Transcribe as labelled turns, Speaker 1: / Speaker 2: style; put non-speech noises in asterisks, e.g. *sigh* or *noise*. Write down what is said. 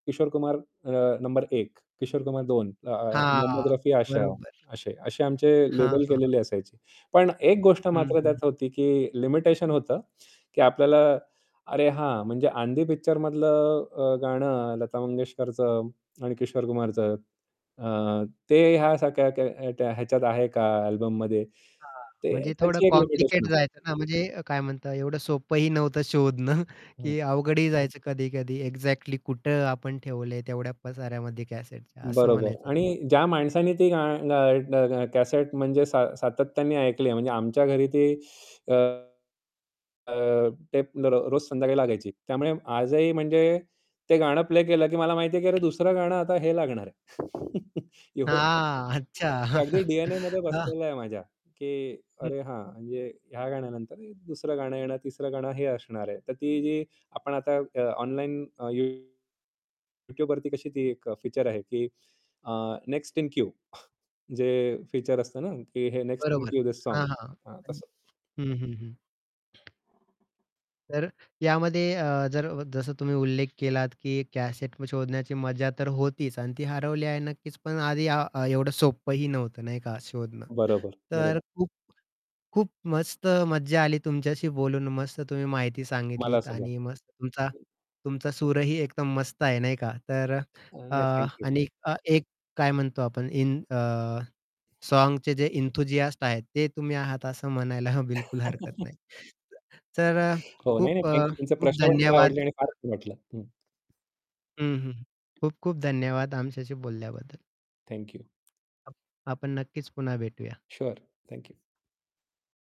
Speaker 1: किशोर कुमार अ, नंबर 1, किशोर कुमार 2 अ,
Speaker 2: हां,
Speaker 1: मोहम्मद रफी आशा
Speaker 2: बरोबर.
Speaker 1: अशे अशे आमचे
Speaker 2: हां,
Speaker 1: लेबल
Speaker 2: हां.
Speaker 1: केलेले असायचे. पण एक गोष्ट
Speaker 2: हं,
Speaker 1: मात्र
Speaker 2: हं.
Speaker 1: त्यात होती की लिमिटेशन होतं की आपल्याला अरे, हां म्हणजे आंधी पिक्चरमधलं अ, गाणं लता मंगेशकरचं आणि किशोर कुमारचं अ, ते ह्या सारख्या ख्या त्या ह्याच्यात आहे का अल्बममध्ये
Speaker 2: हां,
Speaker 1: ते,
Speaker 2: म्हणजे थोडं
Speaker 1: त्याची एक लिमिटेशन
Speaker 2: कॉम्प्लिकेट जायचं
Speaker 1: असते.
Speaker 2: ना म्हणजे काय म्हणतात एवढं सोपंही नव्हतं शोधणं
Speaker 1: हं.
Speaker 2: की अवघडही जायचं कधी-कधी एक्झॅक्टली कुठं आपण ठेवलंय तेवढ्या पसाऱ्यामध्ये कॅसेटच्या असं
Speaker 1: बरोबर.
Speaker 2: म्हणायचं होतं मला.
Speaker 1: आणि ज्या माणसाने ती गा गा ग कॅसेट म्हणजे सात सातत्याने ऐकली आहे म्हणजे आमच्या घरी ती अ, अ, ते रो रोज संध्याकाळी लागायची. त्यामुळे आजही म्हणजे ते गाणं प्ले केलं की मला माहिती आहे, की दुसरं गाणं आता हे लागणार आहे. *chuckles* एवढं
Speaker 2: हां, अच्छा.
Speaker 1: ते अगदी
Speaker 2: *chuckles*
Speaker 1: डी-एन-एमध्ये
Speaker 2: हां.
Speaker 1: बसलेलं आहे माझ्या, की
Speaker 2: हं.
Speaker 1: "अरे, हां म्हणजे ह्या गाण्यानंतर दुसरं गाणं येणार, तिसरं गाणं हे असणार आहे." तर ती जी आपण आता अ, ऑनलाईन अ, YouTubeवरती कशी ती एक फीचर आहे की अ, नेक्स्ट इन क्यू जे फीचर असतं ना, की हे नेक्स्ट इन
Speaker 2: बरोबर.
Speaker 1: Queue this song.
Speaker 2: हां, हां.
Speaker 1: हां.
Speaker 2: पण
Speaker 1: तसं.
Speaker 2: हं, हं, हं. तर यामध्ये अ, जर जसं तुम्ही उल्लेख केलात की कॅसेट शोधण्याची मजा तर होतीच आणि ती हरवली आहे नक्कीच पण आधी एवढं सोपंही नव्हतं नाही का शोधणं.
Speaker 1: बरोबर, बरो
Speaker 2: तर खूप खूप मस्त मज्जा आली तुमच्याशी बोलून. मस्त तुम्ही माहिती सांगितली
Speaker 1: मला सुद्धा.
Speaker 2: आणि मस्त तुमचा तुमचा सूरही एकदम मस्त आहे नाही का. तर
Speaker 1: अ,
Speaker 2: अ,
Speaker 1: नाही ,थँक यू.
Speaker 2: आणि एक काय म्हणतो आपण इन अ, सॉन्गचे जे एन्थूसियास्ट आहेत ते तुम्ही आहात असं म्हणायला बिलकुल हरकत
Speaker 1: *chuckles*
Speaker 2: नाही. तर अ,
Speaker 1: हो. नाही, नाही.
Speaker 2: खूप अ,
Speaker 1: थँक यू. तुमचे
Speaker 2: खूप
Speaker 1: प्रश्न पण मला
Speaker 2: धन्यवाद.
Speaker 1: आवडले आणि फार छान वाटलं. हं.
Speaker 2: हं, हं. खूप खूप धन्यवाद आमच्याशी बोलल्याबद्दल.
Speaker 1: Thank you.
Speaker 2: आपण नक्कीच पुन्हा भेटूया.
Speaker 1: Sure, thank you.